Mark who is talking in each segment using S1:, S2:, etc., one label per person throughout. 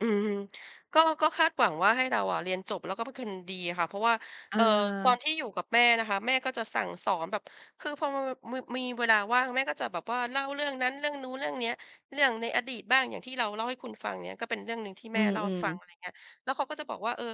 S1: อืม ก็ ก็คาดหวังว่าให้เราอะเรียนจบ แล้วก็เป็นคนดีอะค่ะ เพราะว่า
S2: อ
S1: เอ่อ ตอน
S2: า
S1: ที่อยู่กับแม่นะคะ แม่ก็จะสั่งสอนแบบ คือพอ ม บ มือ มีเวลาว่างแม่ก็จะแบบว่าเล่าเรื่องนั้น เรื่องนู้น เรื่องเนี้ย เรื่องในอดีตบ้าง อย่างที่เราเล่าให้คุณฟัง อย่างเงี้ย ก็เป็นเรื่องหนึ่งที่
S2: อ
S1: แ
S2: ื
S1: ม่เล่าให้
S2: ม
S1: ฟัง
S2: ๆ
S1: อะไรอย่างเงี้ย แล้วเขาก็จะบอกว่า เออ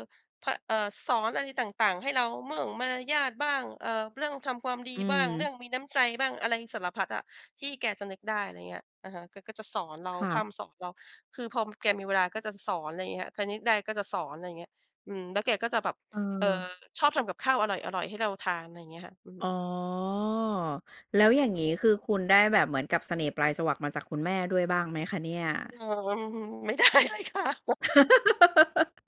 S1: พ เออ สอนอะไรต่าง ๆ ให้เรามั่ง มารยาทบ้าง เอ่อ เรื่องทำความดี
S2: อื
S1: บ้าง เรื่
S2: ม
S1: องมีน้ำใจบ้าง อะไรสารพัดอะที่แกจะนึกได้ อะไรเงี้ย อะฮะ แกก็จะสอนเรา
S2: ค่
S1: พร่
S2: ะ
S1: ำสอนเรา คือพอแกมีเวลาก็จะสอน อะไรอย่างเงี้ย คณิตได้ก็จะสอน อะไรอย่างเงี้ย อืม แล้วแกก็จะแบบ เอ่อ
S2: เออ
S1: ชอบทำกับข้าวอร่อย ๆ ให้เราทาน อะไรอย่างเงี้ยค่ะ อื
S2: อ๋
S1: ม
S2: อ แล้วอย่างงี้ คือคุณได้แบบเหมือนกับเสน่ห์ปลายจวักมาจากคุณแม่ด้วยบ้างไหมคะเนี่ย?
S1: เอ่อ อืม ไม่ได้เลยค่ะ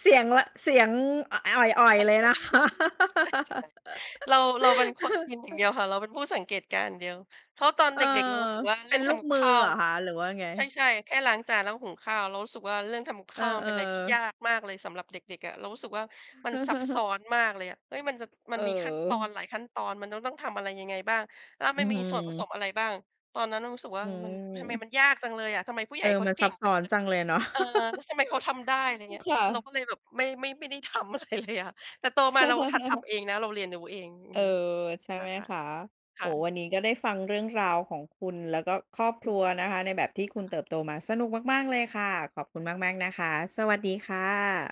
S2: เสียง ว เสียง อ อ่อย ๆ เลยนะ คะ
S1: เออ ใช่ ใช่ ๆ เรา เราเป็นคนกินอย่างเดียวค่ะ เราเป็นผู้สังเกตการณ์อย่างเดียว เพราะตอน
S2: เอ
S1: เด
S2: อ
S1: ็ก ๆ เรารู้สึกว่า
S2: เ
S1: เ
S2: ป
S1: รื
S2: ็
S1: ่
S2: น
S1: อง
S2: ล
S1: ท
S2: ูก
S1: ำกับ
S2: มือ
S1: ข้า
S2: เหร
S1: ว
S2: อคะ หรือว่ายังไง?
S1: ใช่ ๆ แค่ล้างจานและหุงข้าว เรารู้สึกว่าเรื่องทำกับ
S2: เ
S1: ข
S2: ออ
S1: ้าวมันเป็นอะไรที่ย
S2: ๆ
S1: ากมากเลยสำหรับเด็ก ๆ อะ เรารู้สึกว่ามันซับซ้อนมากเลยอะ เฮ้ย มันจะ มันมีขั้นตอน
S2: เออ
S1: หลายขั้นตอน มันจะต้องทำอะไรยังไงบ้าง แล้ว
S2: อื
S1: มัน
S2: อ
S1: ม
S2: ฮ
S1: ีส่วนผ
S2: ึ
S1: สมอะไรบ้าง ตอนนั้นเรารู้สึกว่
S2: อ
S1: ามัน ทำไม
S2: ืม
S1: มันยากจังเลยอะ ทำไมผู้ใ
S2: เ
S1: ห
S2: อ
S1: ญ
S2: อ
S1: ่เขา
S2: มัน
S1: เก
S2: ซั
S1: ่
S2: บ
S1: ง
S2: ซ
S1: จ
S2: ้
S1: ั
S2: อ
S1: ง
S2: น
S1: เลย
S2: จังเลยเนาะ
S1: เออ แล้วทำไมเขาทำได้ อะไรอย่างเงี้ย
S2: ค่
S1: เรา
S2: ะ
S1: ก็เลยแบบไม่ ไม่ ไม่ได้ ทำอะไรเลยอะ แต่โตมาเราหัดทำเองนะ เราเรียนรู้เอง อื
S2: เออ
S1: ม
S2: ใช่
S1: ใช
S2: ไ
S1: ่
S2: หมคะ
S1: ค
S2: โอ
S1: ่
S2: ้โฮ
S1: ะ
S2: วันนี้ก็ได้ฟังเรื่องราวของคุณ แล้วก็ครอบ
S1: อ
S2: คร
S1: ื
S2: ัว
S1: ม
S2: นะคะในแบบที่ค
S1: ค
S2: ุ
S1: ่ะ
S2: ณเติบโตมา สนุกม
S1: อื
S2: าก ๆ เ
S1: ม
S2: ลยค่ะ ขอบคุณมาก ๆ นะคะ สวัสดีค่ะ